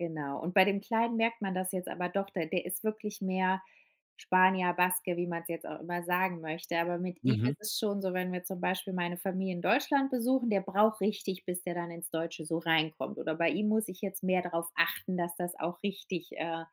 Genau, und bei dem Kleinen merkt man das jetzt aber doch, de der ist wirklich mehr Spanier, Baske, wie man es jetzt auch immer sagen möchte, aber mit ihm Mhm. ist es schon so, wenn wir zum Beispiel meine Familie in Deutschland besuchen, der braucht richtig, bis der dann ins Deutsche so reinkommt. Oder bei ihm muss ich jetzt mehr darauf achten, dass das auch richtig, äh,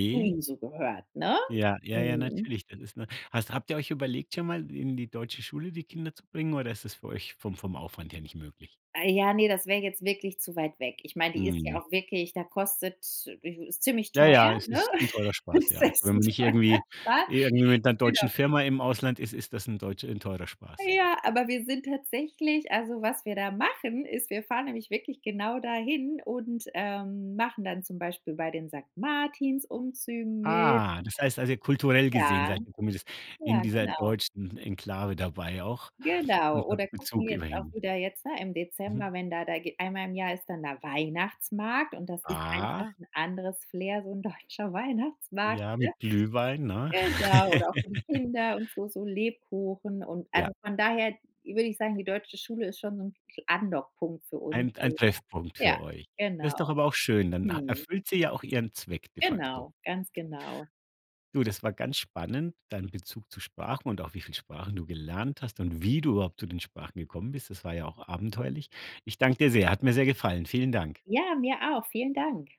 zu ihm so gehört, ne? Ja, ja, ja, Mhm. natürlich, dann ist 'ne hast habt ihr euch überlegt, schon mal in die deutsche Schule die Kinder zu bringen, oder ist das für euch vom vom Aufwand her nicht möglich? Ah ja, ne, das wäre jetzt wirklich zu weit weg. Ich meine, die ist ja Mhm. auch wirklich, da kostet ist ziemlich Ja, teuer, ja, es ne? ist 'n teurer Spaß, ja. Also, wenn man nicht irgendwie irgendwie mit 'ner [unintelligible] deutschen genau. Firma im Ausland ist, ist das 'n deutsch 'n teurer Spaß. Ja, aber wir sind tatsächlich also, was wir da machen, ist, wir fahren nämlich wirklich genau dahin und, ähm, machen dann zum Beispiel bei den Sankt Martins-Umzügen mit. Ah, das heißt, also, kulturell gesehen Ja. seid ihr zumindest in Ja, dieser genau. deutschen Enklave dabei auch Genau. und Oder habt gucken Bezug jetzt auch immerhin. wieder jetzt, ne, im Mhm. Dezember, wenn da da geh einmal im Jahr ist dann da Weihnachtsmarkt, und das ist einfach Ah. 'n anderes Flair, so 'n deutscher Weihnachtsmarkt, Ja, ne? mit Glühwein, ne? Genau. Oder auch für die Kinder und so so Lebkuchen und Ja. also, von daher würde ich sagen, die deutsche Schule ist schon so 'n [unintelligible] Andockpunkt für uns Ein ein so. Treffpunkt Ja, für euch. Das genau. ist doch aber auch schön, dann ha Mhm. erfüllt sie ja auch ihren Zweck de facto. Genau, ganz genau. Du, das war ganz spannend, deinen Bezug zu Sprachen und auch wie viel Sprachen du gelernt hast und wie du überhaupt zu den Sprachen gekommen bist. Das war ja auch abenteuerlich. Ich danke dir sehr, hat mir sehr gefallen. Vielen Dank. Ja, mir auch. Vielen Dank.